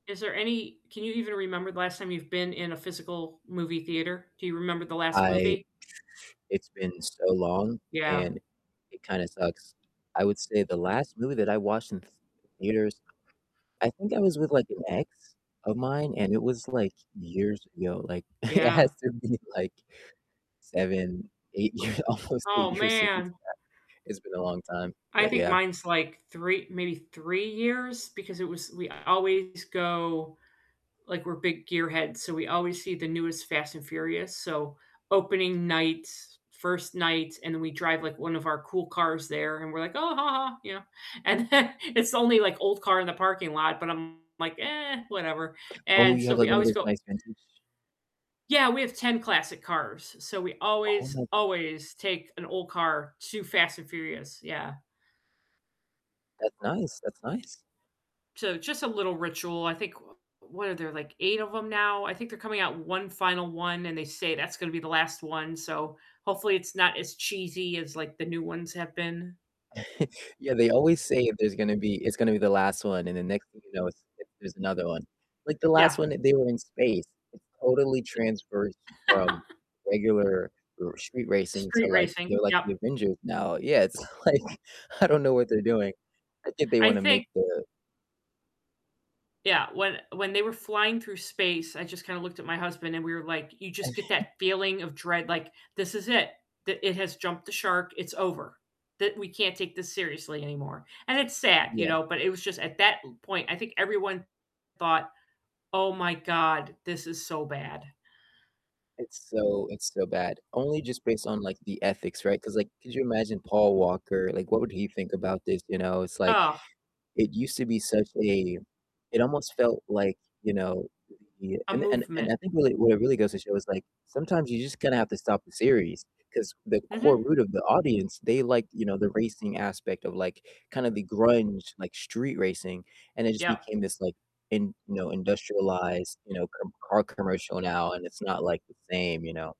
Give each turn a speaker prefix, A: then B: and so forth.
A: Is there any can you even remember the last time you've been in a physical movie theater? Do you remember the last
B: I
A: movie?
B: it's been so long
A: Yeah.
B: and it kinda sucks, I would say the last movie that I watched in th theaters, I think I was with like an ex of mine, and it was, like, years ago, like it
A: Yeah.
B: has to have been like 7, 8 years, almost 8
A: Oh,
B: years since
A: man.
B: that, it's been a long time,
A: I
B: but
A: think
B: yeah.
A: mine's like 3 maybe 3 years because it was we always go like we're big gear heads, so, we always see the newest Fast& Furious. So, opening night, 1st night, and then we drive, like, one of our cool cars there, and we're like, "Oh, ha ha," you know? And then it's the only like old car in the parking lot, but I'm like, "Eh, whatever."
B: Oh,
A: And
B: you
A: so,
B: have, like,
A: we
B: one of
A: always
B: those
A: go
B: nice vintage
A: Yeah, we have 10 classic cars, so, we
B: Oh
A: always,
B: my god.
A: always take an old car to Fast& Furious, yeah.
B: That's nice, that's nice.
A: So, just a little ritual I think, wha what are there, like 8 of 'em now? I think they're coming out 1 final one, and they say that's gonna be the last one, so, hopefully it's not as cheesy as like the new ones have been.
B: Yeah, they always say if there's gonna be it's gonna be the last one, and the next thing you know it's there's another one, like the last
A: Yeah.
B: one, they were in space, it totally transfers
A: I
B: from regular r street racing to
A: Street
B: like,
A: racing,
B: they're like
A: yep.
B: the Avengers now Yeah, it's like I don't know what they're doing, I think they
A: I
B: wanna make
A: think
B: the
A: Yeah, when when they were flying through space, I just kinda looked at my husband, and we were like, you just get that feeling of dread, like this is it the it has jumped the shark, it's over the we can't take this seriously anymore, and it's sad, you
B: Yeah.
A: know? But it was just at that point, I think everyone thought, "Oh my God, this is so bad."
B: It's so it's so bad, only just based on, like, the ethics, right? 'Cause, like, could you imagine Paul Walker, like, what would he think about this, you know? It's like,
A: Ugh.
B: it used to be such a it almost felt like, you know, the
A: A
B: and and and
A: movement.
B: I think really where it really goes to show is like sometimes you just gonna have to stop the series, 'cause the core
A: Mhm.
B: root of the audience, they like, you know, the racing aspect of, like, kinda the grunge, like, street racing, and it just
A: Yep.
B: became this like in you know, industrialized, you know, com car commercial now, and it's not, like, the same, you know?